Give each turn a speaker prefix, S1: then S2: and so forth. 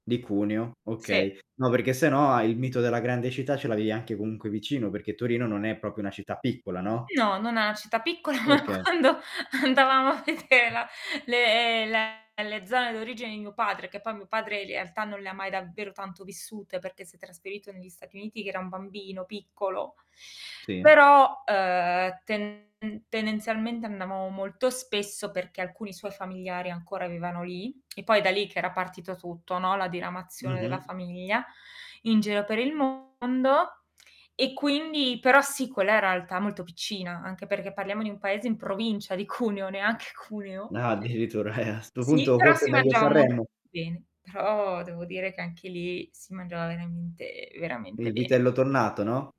S1: Di Cuneo,
S2: Sì.
S1: okay. No perché se no a il mito della grande città ce l'avevi anche comunque vicino perché Torino non è proprio una città piccola, no?
S2: No, non è una città piccola, ma
S1: Okay.
S2: quando andavamo a vedere la le le le zone d'origine di mio padre, che poi mio padre in realtà non le ha mai davvero tanto vissute, perché si è trasferito negli Stati Uniti che era un bambino piccolo.
S1: Sì.
S2: Però, ehm, tende tendenzialmente andavamo molto spesso, perché alcuni suoi familiari ancora vivevano lì, e poi da lì che era partito tutto, no. La diramazione della
S1: Mh-mh.
S2: famiglia, in giro per il mondo. E quindi però sì, quella è realtà molto piccina, anche perché parliamo di un paese in provincia di Cuneo neanche Cuneo.
S1: Ah, addirittura. A sto
S2: Sì,
S1: punto
S2: però
S1: forse
S2: si
S1: meglio
S2: mangiava
S1: Sanremo.
S2: molto bene. Però, devo dire che anche lì, si mangiava veramente,
S1: Il
S2: veramente bene.
S1: vitello tonnato, no?